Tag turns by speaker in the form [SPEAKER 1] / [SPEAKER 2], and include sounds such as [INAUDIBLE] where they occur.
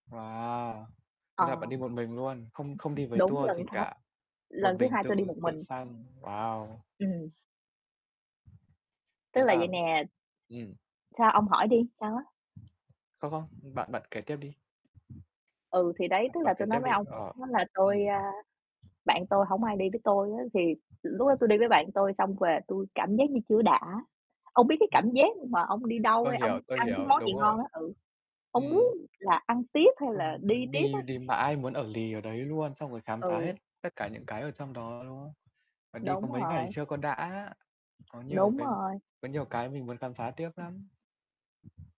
[SPEAKER 1] Wow!
[SPEAKER 2] Ờ.
[SPEAKER 1] Thế là bạn đi một mình luôn, không không đi với
[SPEAKER 2] Đúng
[SPEAKER 1] tour
[SPEAKER 2] lần
[SPEAKER 1] gì
[SPEAKER 2] sa
[SPEAKER 1] cả, một
[SPEAKER 2] lần thứ
[SPEAKER 1] mình
[SPEAKER 2] hai tôi đi
[SPEAKER 1] tự
[SPEAKER 2] một
[SPEAKER 1] tự
[SPEAKER 2] mình.
[SPEAKER 1] sang, wow.
[SPEAKER 2] Ừm. Tức
[SPEAKER 1] Thế
[SPEAKER 2] là vậy
[SPEAKER 1] là
[SPEAKER 2] nè
[SPEAKER 1] ừm.
[SPEAKER 2] sao, ông hỏi đi, sao á?
[SPEAKER 1] Không, không, bạn bạn kể tiếp đi.
[SPEAKER 2] Ừ, thì đấy,
[SPEAKER 1] Bạn
[SPEAKER 2] tức
[SPEAKER 1] bạn
[SPEAKER 2] là
[SPEAKER 1] kế
[SPEAKER 2] tôi nói
[SPEAKER 1] tiếp
[SPEAKER 2] với
[SPEAKER 1] đi,
[SPEAKER 2] ông
[SPEAKER 1] ờ,
[SPEAKER 2] đó là
[SPEAKER 1] ừm.
[SPEAKER 2] tôi, a bạn tôi hổng ai đi với tôi á thì lúc đó tôi đi với bạn tôi xong về tui cảm giác như chưa có đã, ông biết cái
[SPEAKER 1] Ừm.
[SPEAKER 2] cảm giác mà ông đi đâu
[SPEAKER 1] Tôi
[SPEAKER 2] hay ông
[SPEAKER 1] hiểu, tôi
[SPEAKER 2] ăn cái
[SPEAKER 1] hiểu,
[SPEAKER 2] món gì
[SPEAKER 1] đúng rồi.
[SPEAKER 2] ngon á, ừ, ông muốn
[SPEAKER 1] Ừm.
[SPEAKER 2] là ăn tiếp, hay là
[SPEAKER 1] [UNINTELLIGIBLE]
[SPEAKER 2] đi
[SPEAKER 1] Muốn
[SPEAKER 2] tiếp á?
[SPEAKER 1] đi đi mãi, muốn ở lì ở đấy luôn, xong rồi khám phá
[SPEAKER 2] Ừ.
[SPEAKER 1] hết tất cả những cái ở trong đó, đúng không? Và đi có
[SPEAKER 2] Đúng
[SPEAKER 1] mấy ngày
[SPEAKER 2] rồi.
[SPEAKER 1] chưa có đã, có nhiều
[SPEAKER 2] Đúng
[SPEAKER 1] cái
[SPEAKER 2] rồi.
[SPEAKER 1] có nhiều cái mình muốn khám phá tiếp lắm.